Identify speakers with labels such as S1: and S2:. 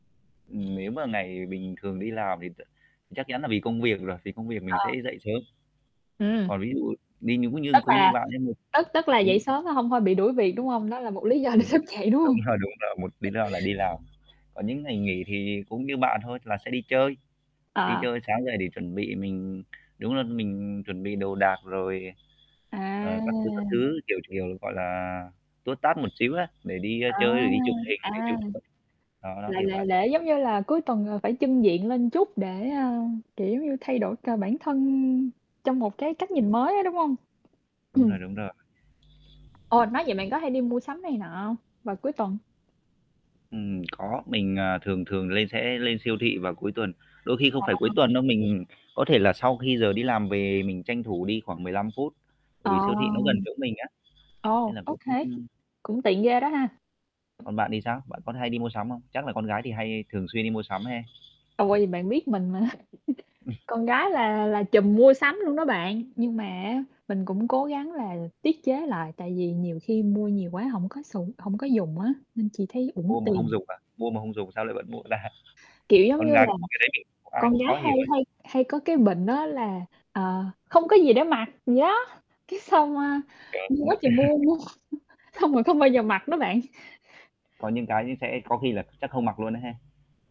S1: Ừm, nếu mà ngày bình thường đi làm thì t chắc chắn là vì công việc rồi, vì công việc mình sẽ
S2: Ờ.
S1: dậy sớm.
S2: Ừm.
S1: Còn ví dụ đi, những nguyên nhân
S2: Tức
S1: cũng như
S2: là
S1: bạn ấy mình
S2: tức tức là dậy
S1: cũng
S2: sớm, còn hông thôi bị đuổi việc, đúng không? Nó là một lý do để
S1: Đúng.
S2: thức dậy, đúng
S1: Đúng
S2: hông?
S1: rồi, đúng rồi, một lý do là đi làm. Còn những ngày nghỉ thì cũng như bạn thôi là sẽ đi chơi, đi
S2: Ờ.
S1: chơi sáng giờ để chuẩn bị mình đúng là mình chuẩn bị đồ đạc, rồi,
S2: À!
S1: ờ, các thứ, các thứ, kiểu, kiểu, gọi là, tút tát một xíu á để đi
S2: À,
S1: chơi, rồi đi chụp hình, rồi
S2: à.
S1: chụp [unintelligible] Đó, nó
S2: Là
S1: kiểu
S2: là
S1: vậy.
S2: lễ giống như là cuối tuần là phải chưng diện lên chút để, ơ, kiểu, giống như, thay đổi cả bản thân trong một cái cách nhìn mới á, đúng hông?
S1: Đúng
S2: Ừm.
S1: rồi, đúng rồi.
S2: Ồ, nói vậy bạn có hay đi mua sắm này nọ hông, vào cuối tuần?
S1: Ừm, có. Mình, à, thường thường lên sẽ lên siêu thị vào cuối tuần, đôi khi không
S2: Ờ.
S1: phải cuối tuần đâu, mình có thể là sau khi giờ đi làm về mình tranh thủ đi khoảng 15 phút. Bởi vì
S2: Ờ.
S1: siêu thị nó gần chỗ mình á, nên
S2: Ồ,
S1: là
S2: ô
S1: cũng ừm,
S2: kê.
S1: ừm.
S2: Cũng tiện ghê đó ha.
S1: Còn bạn thì sao? Bạn có hay đi mua sắm không? Chắc là con gái thì hay thường xuyên đi mua sắm ha?
S2: À, quên, bạn biết mình mà.
S1: Ừm.
S2: Con gái là là trùm mua sắm luôn đó bạn, nhưng mà á, mình cũng cố gắng là tiết chế lại, tại vì nhiều khi mua nhiều quá hổng có không có sùng hổng có dùng á. Nên chỉ thấy uổng
S1: Mua mà
S2: tiền.
S1: không dùng à? Mua mà không dùng sao lại vẫn mua ta?
S2: Kiểu, giống
S1: Con
S2: như
S1: gái
S2: là,
S1: mà có cái đấy thì ai
S2: con
S1: cũng
S2: gái
S1: khó
S2: hay
S1: hiểu ấy.
S2: hay hay có cái bệnh đó là, ờ, không có gì để mặc vậy đó, cái xong, a,
S1: Trời,
S2: mua quá
S1: mua
S2: trời mua, mua xong rồi không bao giờ mặc đó bạn.
S1: Có những cái nó sẽ có khi là chắc không mặc luôn á ha?